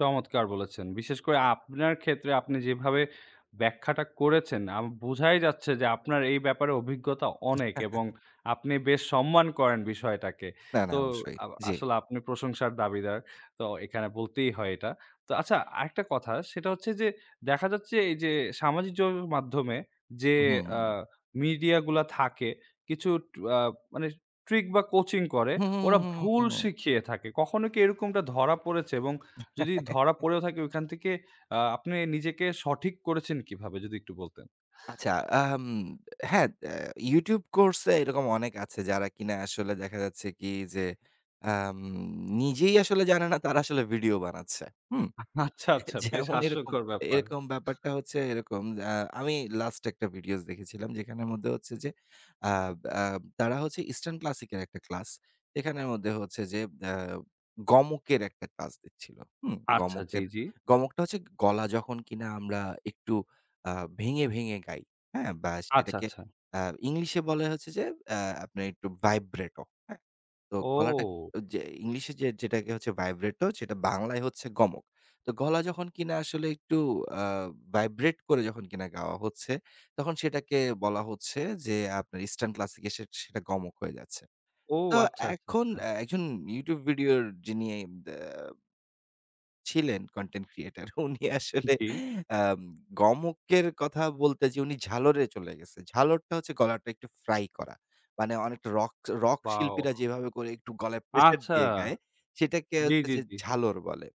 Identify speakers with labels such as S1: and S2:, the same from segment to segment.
S1: চমৎকার বলেছেন। বিশেষ করে আপনার ক্ষেত্রে আপনি যেভাবে ব্যাখ্যাটা করেছেন। আ বোঝাই যাচ্ছে যে আপনার এই ব্যাপারে অভিজ্ঞতা অনেক এবং আপনি বেশ সম্মান করেন বিষয়টাকে।
S2: না, না
S1: তো
S2: অবশ্যই।
S1: আব
S2: জি।
S1: আসলে আপনি প্রশংসার দাবিদার। তো এখানে বলতেই হয় এটা। তো আচ্ছা আরেকটা কথা সেটা হচ্ছে যে, দেখা যাচ্ছে এই যে সামাজিক যোগাযোগের মাধ্যমে যে
S2: হুম।
S1: আ মিডিয়া গুলা থাকে কিছু আ মানে ট্রিক বা কোচিং করে,
S2: হু, হু,
S1: ওরা
S2: হু, হু, হু,
S1: ভুল
S2: হু।
S1: শিখিয়ে থাকে। কখনো কি এরকমটা ধরা পড়েছে এবং যদি ধরা পড়েও থাকে ওখান থেকে আ আপনি নিজেকে সঠিক করেছেন কিভাবে যদি একটু বলতেন?
S2: আচ্ছা। আম হ্যাঁ, ত্যা YouTube কোর্স এ এরকম অনেক আছে যারা কিনা আসলে দেখা যাচ্ছে কি যে, আম নিজেই আসলে জানে না তারা আসলে ভিডিও বানাচ্ছে। হুম।
S1: আচ্ছা,
S2: এ
S1: আচ্ছা বেশ
S2: যেমন এরকম
S1: হাস্যকর ব্যাপার।
S2: এরকম ব্যাপারটা হচ্ছে এরকম আ আমি লাস্ট একটা ভিডিওস দেখেছিলাম যেখানের মধ্যে হচ্ছে যে আ আ তারা হচ্ছে ইস্টার্ন ক্লাসিক এর একটা ক্লাস। এখানের মধ্যে হচ্ছে যে আ গমকের একটা ক্লাস দিচ্ছিল। হুম।
S1: আচ্ছা জি,
S2: গমকের,
S1: জি।
S2: গমকটা হচ্ছে গলা যখন কিনা আমরা একটু আ ভেঙে ভেঙে গাই। হ্যাঁ! বা
S1: আচ্ছা,
S2: সেটাকে
S1: আচ্ছা।
S2: আ ইংলিশে বলা হয়েছে যে অ্যা আপনার একটু ভাইব্রেট। তো গলাটা
S1: ও।
S2: যে ইংলিশে যে যেটাকে হচ্ছে ভাইব্রেট সেটা বাংলায় হচ্ছে গমক। তো গলা যখন কিনা আসলে একটু আ ভাইব্রেট করে কিনা গাওয়া হচ্ছে। তখন সেটাকে বলা হচ্ছে যে, আপনার ইস্টার্ন ক্লাসিক সেটা গমক হয়ে যাচ্ছে।
S1: ও
S2: তো
S1: আচ্ছা, আচ্ছা,
S2: এখন
S1: আচ্ছা।
S2: একজন YouTube ভিডিও যিনি দ্যা ছিলেন কনটেন্ট ক্রিয়েটর। উনি আসলে
S1: জি।
S2: আম গমকের কথা বলতে যেয়ে উনি ঝালরে চলে গেছে। ঝালরটা হচ্ছে গলাটা একটু ফ্রাই করা। মানে অনেক রক রক শিল্পীরা
S1: ওয়াও।
S2: যেভাবে করে একটু গলায় প্রেশার
S1: আচ্ছা।
S2: দিয়ে গায় সেটাকে
S1: জি,
S2: হচ্ছে
S1: জি,
S2: যে
S1: জি।
S2: ঝালর বলে।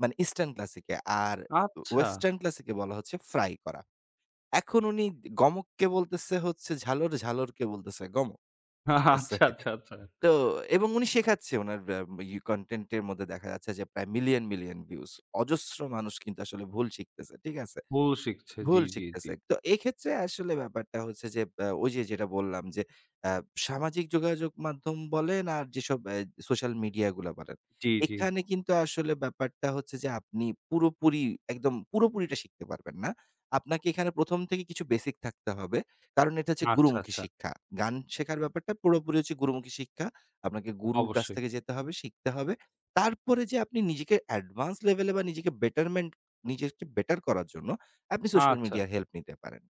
S2: মানে ইস্টার্ন ক্লাসিকে। আর
S1: আচ্ছা।
S2: ওয়েসটার্ন ক্লাসিকে বলা হচ্ছে ফ্রাই করা। এখন উনি গমককে বলতেছে হচ্ছে ঝালর। ঝালরকে বলতেছে গমক। ঠিক আছে?
S1: আচ্ছা, আচ্ছা, আচ্ছা।
S2: তো এবং উনি শেখাচ্ছে উনার এ্যা ইউ কনটেন্ট এর মধ্যে দেখা যাচ্ছে যে, প্রায় মিলিয়ন মিলিয়ন ভিউজ। অজস্র মানুষ কিন্তু আসলে ভুল শিখতেছে। ঠিক আছে?
S1: ভুল শিখছে জি,
S2: ভুল
S1: জি, জি।
S2: শিখতেছে। তো এক্ষেত্রে আসলে ব্যাপারটা হচ্ছে যে এ্যা ওই যে যেটা বললাম যে অ্যা সামাজিক যোগাযোগ মাধ্যম বলেন আর যেসব এ্যা সোশ্যাল মিডিয়াগুলা বলেন।
S1: জি, জি।
S2: এখানে কিন্তু আসলে ব্যাপারটা হচ্ছে যে, আপনি পুরোপুরি, একদম পুরোপুরিটা শিখতে পারবেন না। আপনাকে এখানে ১ম থেকে কিছু বেসিক থাকতে হবে। কারণ এটা হচ্ছে
S1: আচ্ছা,
S2: গুরুমুখী
S1: আচ্ছা।
S2: শিক্ষা। গান শেখার ব্যাপারটা পুরোপুরি হচ্ছে গুরুমুখী শিক্ষা। আপনাকে গুরুর কাছ
S1: অবশ্যই।
S2: থেকে যেতে হবে, শিখতে হবে। তারপরে যেয়ে আপনি নিজেকে অ্যাডভান্স লেভেলে বা নিজেকে বেটারমেন্ট নিজেকে বেটার করার জন্য আপনি সোশ্যাল
S1: আচ্ছা।
S2: মিডিয়া হেল্প নিতে পারেন।